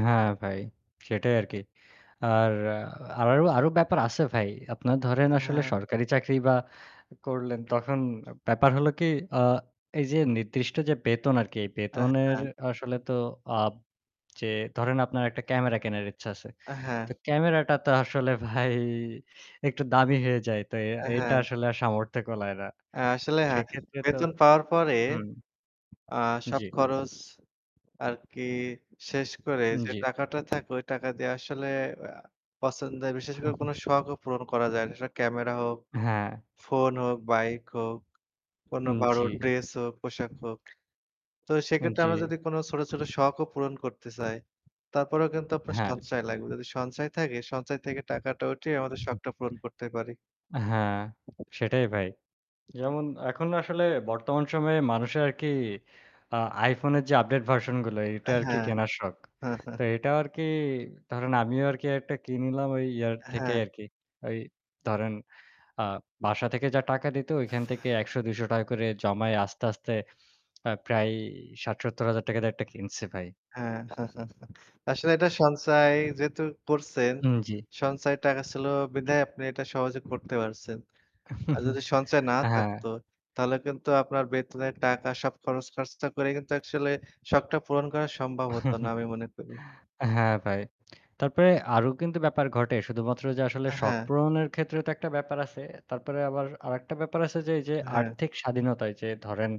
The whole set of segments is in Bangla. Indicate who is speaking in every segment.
Speaker 1: হ্যাঁ ভাই। সেটাই আরকি। আর আ আরো আরো ব্যাপার আছে ভাই। আপনারা ধরেন আসলে
Speaker 2: হ্যাঁ।
Speaker 1: সরকারি চাকরি বা করলেন তখন ব্যাপার হল কি আ এই যে নির্দিষ্ট যে বেতন আরকি
Speaker 2: হ্যাঁ,
Speaker 1: বেতনের
Speaker 2: হ্যাঁ।
Speaker 1: আসলে তো আব যে ধরেন আপনার একটা ক্যামেরা কেনার ইচ্ছা আছে।
Speaker 2: হ্যাঁ।
Speaker 1: তো ক্যামেরাটা তো আসলে ভাই একটু দামি হয়ে যায়। তো এ এটা
Speaker 2: হ্যাঁ।
Speaker 1: আসলে আর সামর্থ্য কুলায় না।
Speaker 2: আ আসলে
Speaker 1: তো
Speaker 2: হ্যাঁ,
Speaker 1: সেক্ষেত্রে তো
Speaker 2: বেতন পাওয়ার পরে
Speaker 1: হুম।
Speaker 2: আ সব
Speaker 1: জ্বী।
Speaker 2: খরচ আরকি শেষ করে
Speaker 1: উন
Speaker 2: যে
Speaker 1: জ্বী।
Speaker 2: টাকাটা থাকে ওই টাকা দিয়ে আসলে আ পছন্দের বিশেষ করে কোন শখও পূরণ করা যায় না। সেটা ক্যামেরা হোক,
Speaker 1: হ্যাঁ।
Speaker 2: ফোন হোক, বাইক হোক, কোনো
Speaker 1: উম
Speaker 2: ভালো
Speaker 1: জ্বী।
Speaker 2: ড্রেস হোক, পোশাক হোক। তো
Speaker 1: উন
Speaker 2: সেক্ষেত্রে আমরা
Speaker 1: জ্বী।
Speaker 2: যদি কোনো ছোট, ছোট শখও পূরণ করতে চাই তারপরেও কিন্তু আপনার
Speaker 1: হ্যাঁ।
Speaker 2: সঞ্চয় লাগবে। যদি সঞ্চয় থাকে সঞ্চয় থেকে টাকাটা উঠিয়ে আমাদের শখটা পূরণ করতে পারি।
Speaker 1: হ্যাঁ, সেটাই ভাই। যেমন এখন আসলে বর্তমান সময়ে মানুষের আরকি আ iPhone এর যে আপডেট ভার্সনগুলো এটা আরকি
Speaker 2: হ্যাঁ।
Speaker 1: কেনার শখ। তো এটা আরকি ধরেন আমিও আরকি একটা কিনলাম ওই ইয়ার থেকেই
Speaker 2: হ্যাঁ।
Speaker 1: আরকি। ওই ধরেন আ বাসা থেকে যা টাকা দিত ওইখান থেকে ৳১০০-৳২০০ করে জমায় আস্তে, আস্তে আ প্রায় ৳৬০-৳৭০ হাজার দিয়ে একটা কিনছে ভাই।
Speaker 2: হ্যাঁ, আসলে এটা সঞ্চয় যেহেতু করছেন,
Speaker 1: উম জ্বী।
Speaker 2: সঞ্চয় টাকা ছিল বিদায় আপনি এটা সহজে করতে পারছেন। আর যদি সঞ্চয় না
Speaker 1: হ্যাঁ।
Speaker 2: থাকতো তাহলে কিন্তু আপনার বেতনের টাকা সব খরচ খরচা করে কিন্তু আসলে শখটা পূরণ করা সম্ভব হত না আমি মনে করি।
Speaker 1: হ্যাঁ ভাই। তারপরে আরো কিন্তু ব্যাপার ঘটে। শুধুমাত্র যে আসলে শখ
Speaker 2: হ্যাঁ।
Speaker 1: পূরণের ক্ষেত্রে তো একটা ব্যাপার আছে। তারপরে আবার আরেকটা ব্যাপার আছে যে এইযে
Speaker 2: হ্যাঁ।
Speaker 1: আর্থিক স্বাধীনতায় যে ধরেন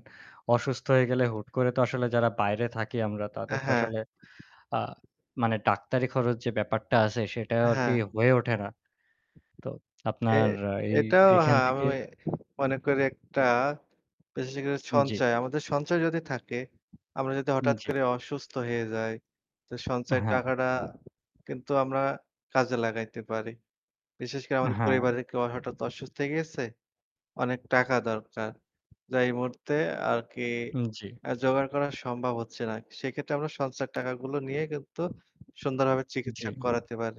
Speaker 1: অসুস্থ হয়ে গেলে হুট করে তো আসলে যারা বাইরে থাকি আমরা তাদের তো
Speaker 2: হ্যাঁ।
Speaker 1: আসলে আ মানে ডাক্তারি খরচ যে ব্যাপারটা আছে সেটা আরকি
Speaker 2: হ্যাঁ।
Speaker 1: হয়ে ওঠে না। তো
Speaker 2: এ
Speaker 1: আপনার এই
Speaker 2: এটাও
Speaker 1: এইখান
Speaker 2: হ্যাঁ আমি
Speaker 1: থেকে
Speaker 2: মনে করি একটা বিশেষ করে
Speaker 1: উন জ্বী।
Speaker 2: সঞ্চয়। আমাদের সঞ্চয় যদি থাকে, আমরা যদি
Speaker 1: উম
Speaker 2: হঠাৎ
Speaker 1: জ্বী।
Speaker 2: করে অসুস্থ হয়ে যাই, তো সঞ্চয়ের
Speaker 1: হ্যাঁ।
Speaker 2: টাকাটা কিন্তু আমরা কাজে লাগাইতে পারি। বিশেষ করে আমাদের
Speaker 1: হ্যাঁ।
Speaker 2: পরিবারের কেউ হঠাৎ অসুস্থ হয়ে গিয়েছে? অনেক টাকা দরকার। যা এই মুহূর্তে আরকি
Speaker 1: উম জ্বী।
Speaker 2: অ্যা জোগাড় করা সম্ভব হচ্ছে না। সেক্ষেত্রে আমরা সঞ্চয়ের টাকাগুলো নিয়ে কিন্তু সুন্দরভাবে চিকিৎসা
Speaker 1: জ্বী।
Speaker 2: করাতে পারি।